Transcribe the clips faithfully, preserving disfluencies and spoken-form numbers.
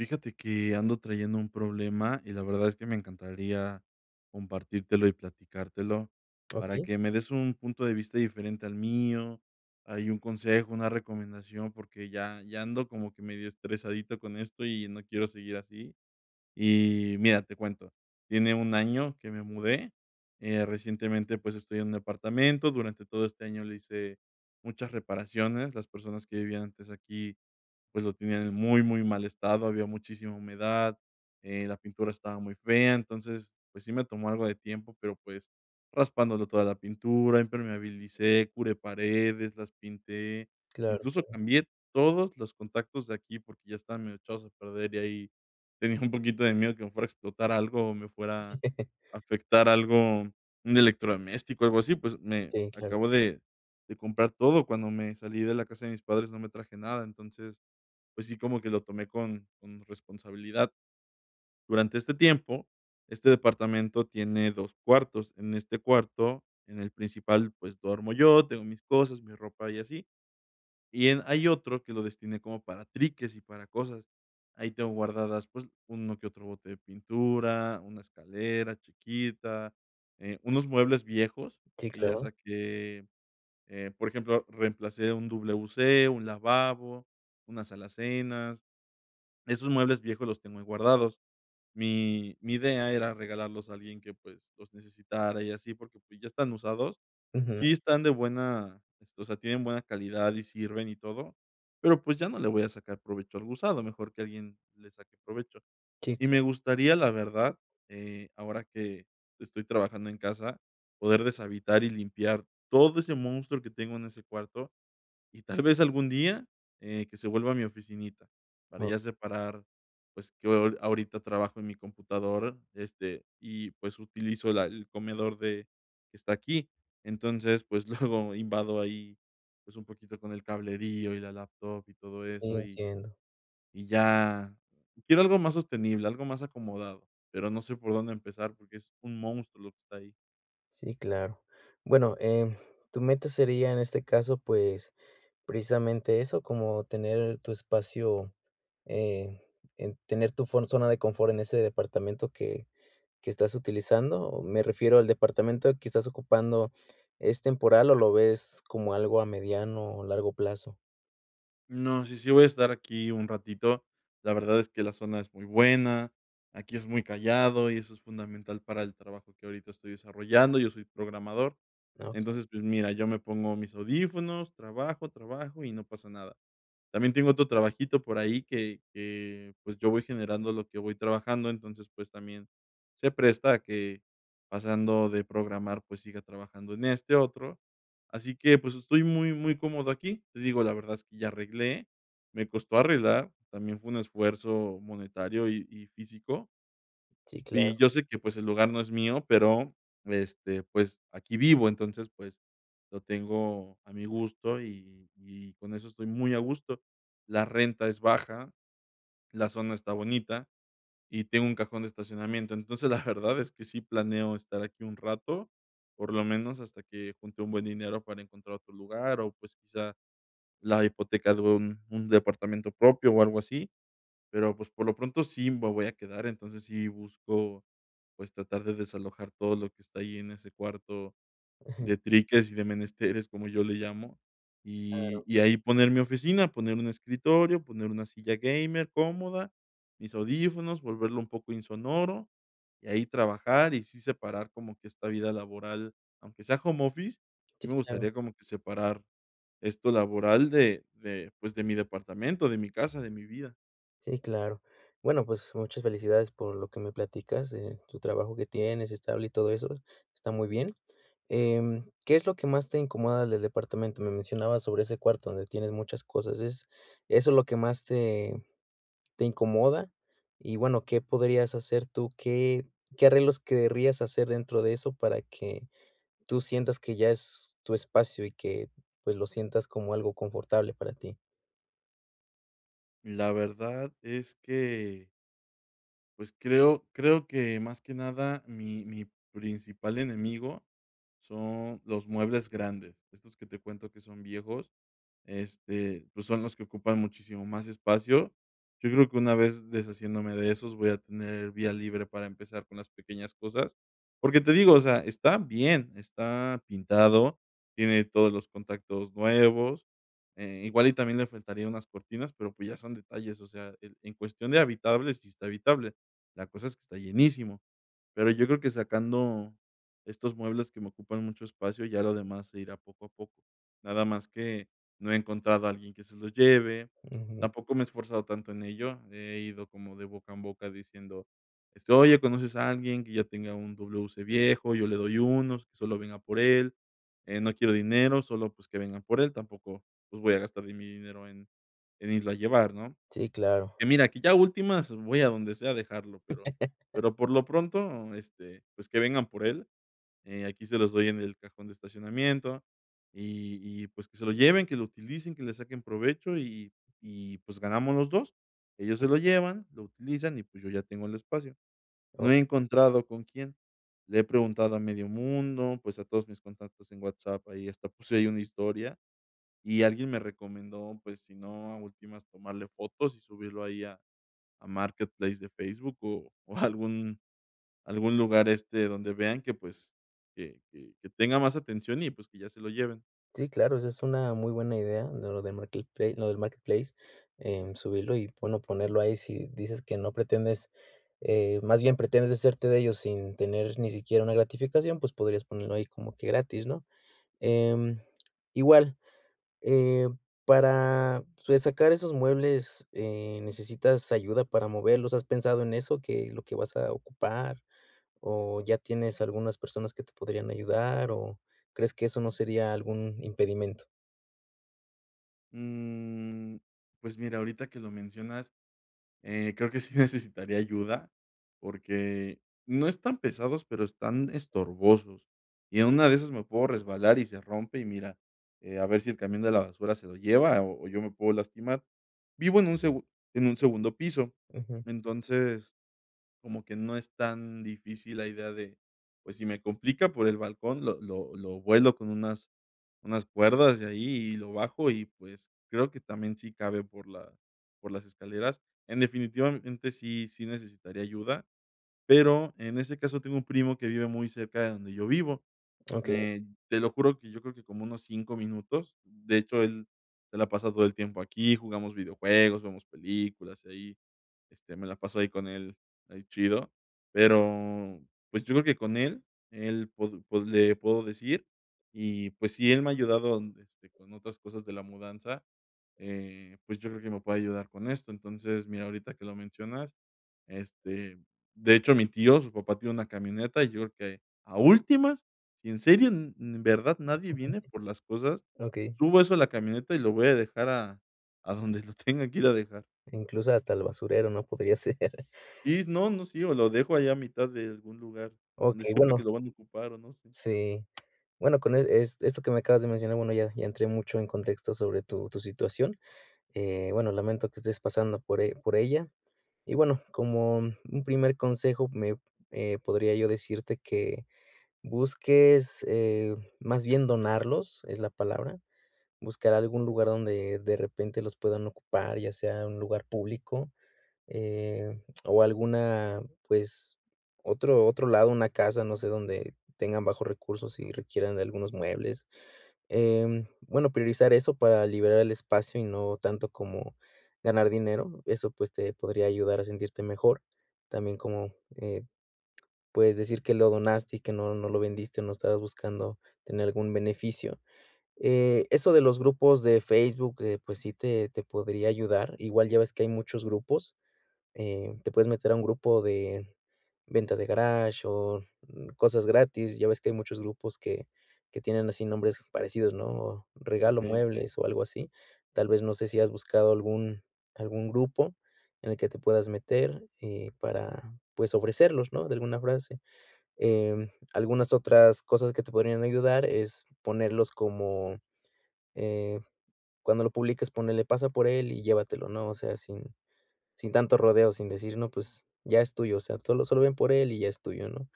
Fíjate que ando trayendo un problema y la verdad es que me encantaría compartírtelo y platicártelo para Okey. que me des un punto de vista diferente al mío, ahí un consejo, una recomendación, porque ya ya ya ando como que medio estresadito con esto y no quiero seguir así. Y mira, te cuento, tiene un año que me mudé. Eh, Recientemente, pues, estoy en un apartamento, durante todo este año le hice muchas reparaciones, las personas que vivían antes aquí, pues, lo tenían en muy, muy mal estado, había muchísima humedad, eh, la pintura estaba muy fea, entonces, pues, sí me tomó algo de tiempo, pero, pues, raspándole toda la pintura, impermeabilicé, curé paredes, las pinté, Claro, incluso claro. cambié todos los contactos de aquí porque ya estaban medio echados a perder y ahí tenía un poquito de miedo que me fuera a explotar algo o me fuera a afectar algo, un electrodoméstico, algo así, pues, me Sí, claro. acabo de de comprar todo cuando me salí de la casa de mis padres, no me traje nada, entonces, pues, sí, como que lo tomé con con responsabilidad. Durante este tiempo, este departamento tiene dos cuartos, en este cuarto, en el principal, pues, duermo yo, tengo mis cosas, mi ropa, y así, y en hay otro que lo destiné como para triques y para cosas. Ahí tengo guardadas, pues, uno que otro bote de pintura, una escalera chiquita, eh, unos muebles viejos Sí, que ya claro. saqué, eh, por ejemplo, reemplacé un WC, un lavabo, unas alacenas. Esos muebles viejos los tengo ahí guardados. Mi mi idea era regalarlos a alguien que, pues, los necesitara y así, porque, pues, ya están usados. Ujú. Sí están de buena, este, o sea, tienen buena calidad y sirven y todo, pero, pues, ya no le voy a sacar provecho algo usado, mejor que alguien le saque provecho. Sí, Y me claro. gustaría, la verdad, eh, ahora que estoy trabajando en casa, poder deshabitar y limpiar todo ese monstruo que tengo en ese cuarto, y tal vez algún día, eh, que se vuelva a mi oficinita, para Oh. ya separar, pues, que ho ahorita trabajo en mi computadora, este, y pues, utilizo la el comedor de que está aquí. Entonces, pues, luego invado ahí, pues, un poquito con el cablerío y la laptop y todo Sí, eso, y entiendo. y ya quiero algo más sostenible, algo más acomodado, pero no sé por dónde empezar porque es un monstruo lo que está ahí. Sí, claro. Bueno, em, tu meta sería, en este caso, pues, precisamente eso, como tener tu espacio, eh, en, tener tu fon zona de confort en ese departamento que que estás utilizando. Me refiero al departamento que estás ocupando, ¿es temporal o lo ves como algo a mediano o largo plazo? No, sí, sí voy a estar aquí un ratito. La verdad es que la zona es muy buena, aquí es muy callado y eso es fundamental para el trabajo que ahorita estoy desarrollando. Yo soy programador. Okey. Entonces, pues, mira, yo me pongo mis audífonos, trabajo, trabajo y no pasa nada. También tengo otro trabajito por ahí que que, pues, yo voy generando lo que voy trabajando, entonces, pues, también se presta a que pasando de programar, pues, siga trabajando en este otro. Así que, pues, estoy muy, muy cómodo aquí. Te digo, la verdad es que ya arreglé, me costó arreglar, también fue un esfuerzo monetario y y físico Sí, y claro. yo sé que, pues, el lugar no es mío, pero, este, pues, aquí vivo, entonces, pues, lo tengo a mi gusto y y con eso estoy muy a gusto. La renta es baja, la zona está bonita y tengo un cajón de estacionamiento. Entonces, la verdad es que sí planeo estar aquí un rato, por lo menos hasta que junte un buen dinero para encontrar otro lugar o, pues, quizá la hipoteca de un un departamento propio o algo así. Pero, pues, por lo pronto, sí me voy a quedar. Entonces, sí busco, pues, tratar de desalojar todo lo que está ahí en ese cuarto Ujú. de triques y de menesteres, como yo le llamo, y Claro. y ahí poner mi oficina, poner un escritorio, poner una silla gamer cómoda, mis audífonos, volverlo un poco insonoro, y ahí trabajar y sí separar como que esta vida laboral, aunque sea home office, sí Sí, me claro. gustaría como que separar esto laboral de de, pues, de mi departamento, de mi casa, de mi vida. Sí, claro. Bueno, pues, muchas felicidades por lo que me platicas, eh, tu trabajo que tienes, estable y todo eso, está muy bien, em, ¿qué es lo que más te incomoda del departamento? Me mencionabas sobre ese cuarto donde tienes muchas cosas, es eso es lo que más te te incomoda, y bueno, ¿qué podrías hacer tú? ¿Qué qué arreglos querrías hacer dentro de eso para que tú sientas que ya es tu espacio y que, pues, lo sientas como algo confortable para ti. La verdad es que pues, creo creo que, más que nada, mi mi principal enemigo son los muebles grandes. Estos que te cuento, que son viejos, este, pues, son los que ocupan muchísimo más espacio. Yo creo que una vez deshaciéndome de esos, voy a tener vía libre para empezar con las pequeñas cosas, porque te digo, o sea, están bien, está pintado, tiene todos los contactos nuevos, eh, igual y también le faltaría unas cortinas, pero, pues, ya son detalles, o sea, en en cuestión de habitable, sí está habitable. La cosa es que está llenísimo, pero yo creo que sacando estos muebles que me ocupan mucho espacio, ya lo demás se irá poco a poco. Nada más que no he encontrado a alguien que se los lleve, Ujú. tampoco me he esforzado tanto en ello, he ido como de boca en boca diciendo: "Este, oye, ¿conoces a alguien que ya tenga un dobleu ce viejo? Yo le doy unos, que solo venga por él, eh, no quiero dinero, solo, pues, que vengan por él", tampoco, pues, voy a gastar de mi dinero en en irlo a llevar, ¿no? Sí, claro. Y mira, que ya a últimas voy a donde sea dejarlo, pero pero por lo pronto, este, pues, que vengan por él, eh, aquí se los doy en el cajón de estacionamiento, y y, pues, que se lo lleven, que lo utilicen, que le saquen provecho, y y pues ganamos los dos. Ellos se lo [unintelligible] llevan, lo utilizan y, pues, yo ya tengo el espacio. No Oh. he encontrado con quién, le he preguntado a medio mundo, pues, a todos mis contactos en WhatsApp. Ahí hasta puse ahí una historia y alguien me recomendó, pues, si no, a últimas, tomarle fotos y subirlo ahí a a Marketplace de Facebook o o algún algún lugar, este, donde vean que, pues, que que que tenga más atención y, pues, que ya se lo lleven. Sí, claro, esa es una muy buena idea de lo de markleplai lo del marketplace, em, subirlo y, bueno, ponerlo ahí, si dices que no pretendes, eh, más bien pretendes deshacerte de ellos sin tener ni siquiera una gratificación, pues, podrías ponerlo ahí como que gratis, ¿no? Em, igual, eh, para resacar esos muebles, eh, ¿necesitas ayuda para moverlos? ¿Has pensado en eso que lo vas a ocupar? ¿O ya tienes algunas personas que te podrían ayudar, o crees que eso no sería algún impedimento? Mm, pues, mira, ahorita que lo mencionas, eh, creo que sí necesitaría ayuda, porque no están pesados, pero están estorbosos y en una de esas me puedo resbalar y se rompe, y mira, a ver si el camión de la basura se lo lleva o o yo me puedo lastimar. Vivo en un segu en un segundo piso, Ujú. entonces, como que no es tan difícil la idea de, pues, si me complica por el balcón, lo lo lo vuelo con unas unas cuerdas de ahí y lo bajo y, pues, creo que también sí cabe por la por las escaleras. En definitivamente, sí, sí necesitaría ayuda, pero, en ese caso, tengo un primo que vive muy cerca de donde yo vivo, Okey. eh, te lo juro que yo creo que como unos cinco minutos, de hecho, él se la pasa todo el tiempo aquí, jugamos videojuegos, vemos películas, y ahí, este, me la paso ahí con él ahí chido, pero, pues, yo creo que con él, él pod pod le puedo decir. Y, pues, sí, él me ha ayudado, este, con otras cosas de la mudanza, eh, pues, yo creo que me puede ayudar con esto. Entonces, mira, ahorita que lo mencionas, este, de hecho, mi tío, su papá, tiene una camioneta, y yo creo que a últimas, si en serio, en en verdad nadie viene por las cosas, Okey. subo eso a la camioneta y lo voy a dejar a a donde lo tenga que ir a dejar. Incluso hasta el basurero, ¿no?, podría ser. Sí, no, no, sí, o lo dejo ahí a mitad de algún lugar, donde Okey, sepa bueno. que lo van a ocupar o no sé. Sí. Bueno, con, eh, esto que me acabas de mencionar, bueno, ya ya entré mucho en contexto sobre tu tu situación. Eh, bueno, lamento que estés pasando por e por ella. Y, bueno, como un primer consejo, me eh, podría yo decirte que busques, eh, más bien donarlos, es la palabra, buscar algún lugar donde, de repente, los puedan ocupar, ya sea un lugar público, eh, o alguna, pues, otro otro lado, una casa, no sé, donde tengan bajos recursos y requieran de algunos muebles. Em, bueno, priorizar eso para liberar el espacio y no tanto como ganar dinero, eso, pues, te podría ayudar a sentirte mejor. También, como, eh, puedes decir que lo donaste y que no no lo vendiste, o no estabas buscando tener algún beneficio. Eh, eso de los grupos de Facebook, eh, pues, sí te te podría ayudar. Igual ya ves que hay muchos grupos, eh, te puedes meter a un grupo de venta de garaje o cosas gratis. Ya ves que hay muchos grupos que que tienen así nombres parecidos, ¿no? Regalo Okey, okey. muebles o algo así. Tal vez no sé si has buscado algún algún grupo en el que te puedas meter, eh, para, pues, ofrecerlos, ¿no?, de alguna frase. Em, algunas otras cosas que te podrían ayudar es ponerlos como, eh, cuando lo publicas, ponele, pasa por él y llévatelo, ¿no? O sea, sin sin tanto rodeo, sin decir, no, pues, ya es tuyo, o sea, tú lo solo ven por él y ya es tuyo, ¿no?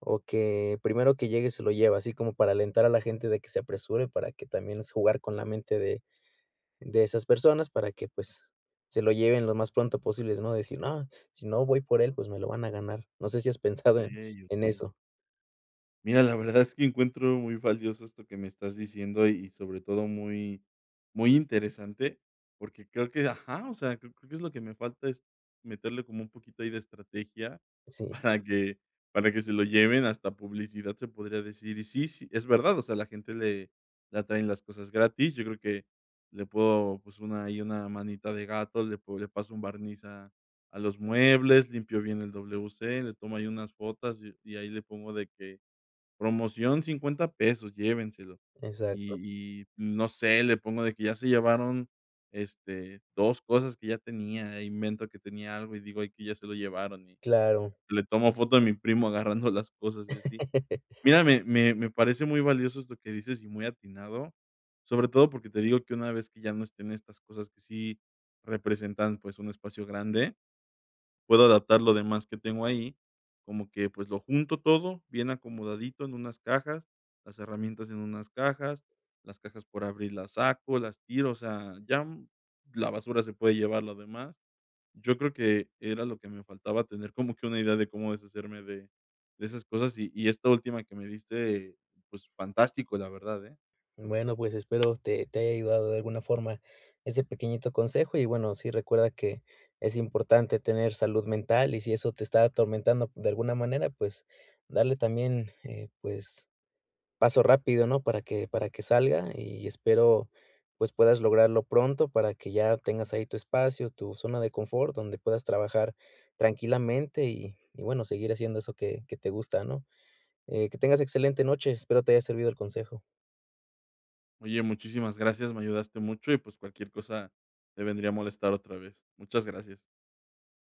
O que primero que llegue se lo lleve, así como para alentar a la gente de que se apresure, para que, también, jugar con la mente de de esas personas para que, pues, se lo lleven lo más pronto posibles, ¿no? Decir: "No, si no voy por él, pues, me lo van a ganar". No sé si has pensado en Okey, en okey. eso. Mira, la verdad es que encuentro muy valioso esto que me estás diciendo. Y, sobre todo, muy, muy interesante. Porque creo que, ajá, o sea, creo que es lo que me falta es meterle como un poquito ahí de estrategia Sí. para que para que se lo lleven. Hasta publicidad se podría decir. Y, sí, s es verdad, o sea, a la gente le le atraen las cosas gratis, yo creo que le puedo, pues, una ahí, una manita de gato. Le podría le paso un barniz a a los muebles, limpio bien el W-C, le tomo ahí unas fotas y y ahí le pongo de que: "Promoción cincuenta pesos, llévenselos". Exacto. Y y, no sé, le pongo de que ya se llevaron, este, dos cosas que ya tenía e invento que tenía algo. Y digo ahí que ya se lo llevaron. Y Claro. le tomo foto a mi primo agarrando las cosas, y así. Mira, me me me parece muy valioso esto que dices, y muy atinado, sobre todo porque te digo que una vez que ya no estén estas cosas que sí representan, pues, un espacio grande, puedo adaptar lo demás que tengo ahí, como que, pues, lo junto todo, bien acomodadito en unas cajas, las herramientas en unas cajas, las cajas por abrir las saco, las tiro, o sea, ya, mm, la basura se puede llevar lo demás. Yo creo que era lo que me faltaba tener como que una idea de cómo deshacerme de de esas cosas y y esta última que me diste, pues, fantástico, la verdad, ¿eh? Bueno, pues, espero te te haya ayudado de alguna forma ese pequeñito consejo. Y, bueno, sí, recuerda que es importante tener salud mental y, si eso te está atormentando de alguna manera, pues, darle también, eh, pues, paso rápido, ¿no?, para que para que salga y espero, pues, puedas lograrlo pronto para que ya tengas ahí tu espacio, tu zona de confort, donde puedas trabajar tranquilamente y y, bueno, seguir haciendo eso que que te gusta, ¿no?, eh, que tengas excelente noche, espero te haya servido el consejo. Oye, muchísimas gracias, me ayudaste mucho y, pues, cualquier cosa te vendre a molestar otra vez. Muchas gracias.